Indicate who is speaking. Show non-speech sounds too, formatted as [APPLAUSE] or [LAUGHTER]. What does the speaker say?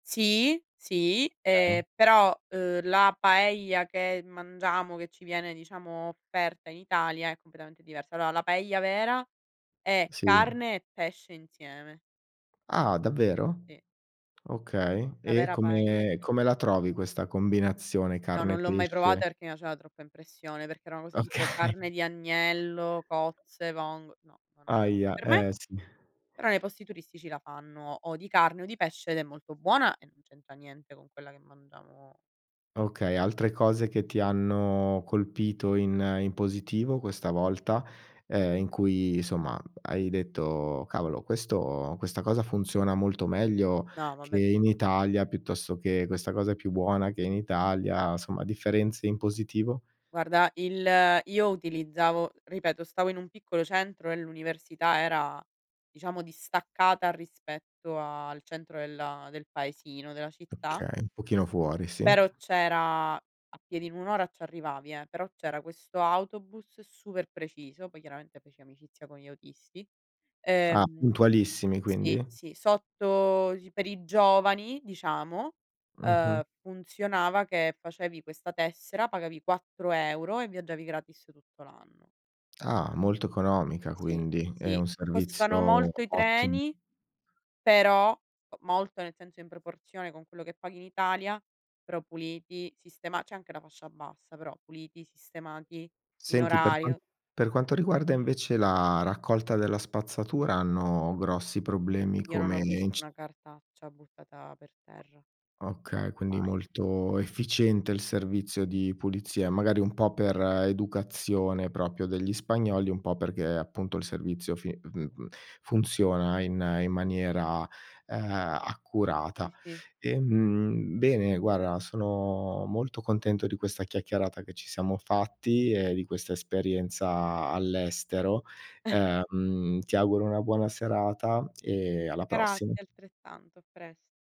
Speaker 1: Sì, sì,
Speaker 2: Okay.
Speaker 1: ehm, però, uhm, la paella che mangiamo, che ci viene diciamo offerta in Italia, è completamente diversa. Allora, la paella vera è
Speaker 2: Sì.
Speaker 1: carne e pesce insieme.
Speaker 2: Ah, davvero?
Speaker 1: Sì.
Speaker 2: Okay.
Speaker 1: La
Speaker 2: E
Speaker 1: vera paella
Speaker 2: come
Speaker 1: sì.
Speaker 2: come la trovi questa combinazione
Speaker 1: No,
Speaker 2: carne
Speaker 1: non l'ho mai
Speaker 2: pesce?
Speaker 1: provata perché mi faceva troppa impressione, perché era una cosa tipo
Speaker 2: Okay.
Speaker 1: carne di agnello, cozze, vong no, non era p
Speaker 2: Ahia,
Speaker 1: per me,
Speaker 2: eh, sì.
Speaker 1: però nei posti turistici la fanno o di carne o di pesce ed è molto buona e non c'entra niente con quella che mangiamo
Speaker 2: Okay, altre cose che ti hanno colpito in in positivo questa volta, ehm, in cui, insomma, hai detto: “Cavolo, questo questa cosa funziona molto meglio
Speaker 1: No
Speaker 2: che
Speaker 1: vabbè
Speaker 2: in
Speaker 1: [UNINTELLIGIBLE]
Speaker 2: Italia”, piuttosto che: “Questa cosa è più buona che in Italia”, somma, differenze in positivo?
Speaker 1: Guarda il io utilizzavo ripeto stavo in un piccolo centro e l'università era, diciamo, distaccata rispetto al centro della del paesino, della città
Speaker 2: Okay, un pochino fuori, sì.
Speaker 1: però c'era a piedi, un'ora, ci arrivavi, eh. Però, c'era questo autobus super preciso. Poi, chiaramente, feci amicizia con gli autisti,
Speaker 2: Ah,
Speaker 1: ehm,
Speaker 2: puntualissimi
Speaker 1: sì,
Speaker 2: quindi?
Speaker 1: sì. Sotto gi per i giovani, diciamo,
Speaker 2: Mh-mh.
Speaker 1: uhm, funzionava che facevi questa tessera, pagavi 4 € e viaggiavi gratis tutto l'anno.
Speaker 2: Ah, molto economica
Speaker 1: Sì,
Speaker 2: quindi, è
Speaker 1: sì,
Speaker 2: un
Speaker 1: costano
Speaker 2: servizio
Speaker 1: molto i
Speaker 2: ottimo.
Speaker 1: treni, però molto nel senso in proporzione con quello che paghi in Italia, però puliti, sistema c'è anche la fascia bassa però puliti, sistemati in
Speaker 2: Senti, per qua
Speaker 1: orario.
Speaker 2: per quanto riguarda invece la raccolta della spazzatura, hanno grossi problemi
Speaker 1: Io non
Speaker 2: come
Speaker 1: ho
Speaker 2: in
Speaker 1: visto
Speaker 2: c
Speaker 1: una cartaccia buttata per terra.
Speaker 2: Okay, quindi
Speaker 1: Mai.
Speaker 2: molto efficiente il
Speaker 1: [UNINTELLIGIBLE]
Speaker 2: servizio di pulizia, magari un po' per educazione proprio degli spagnoli, un po' perché appunto il servizio fi [UNINTELLIGIBLE] funziona in, in
Speaker 1: M
Speaker 2: maniera, uhm, accurata.
Speaker 1: Sì sì.
Speaker 2: Ehm, bene, guarda, sono molto contento di questa chiacchierata che ci siamo fatti e di questa esperienza all'estero
Speaker 1: [CHUCKLES]
Speaker 2: ehm, ti auguro una buona serata e alla prossima.
Speaker 1: Grazie altrettanto, a presto.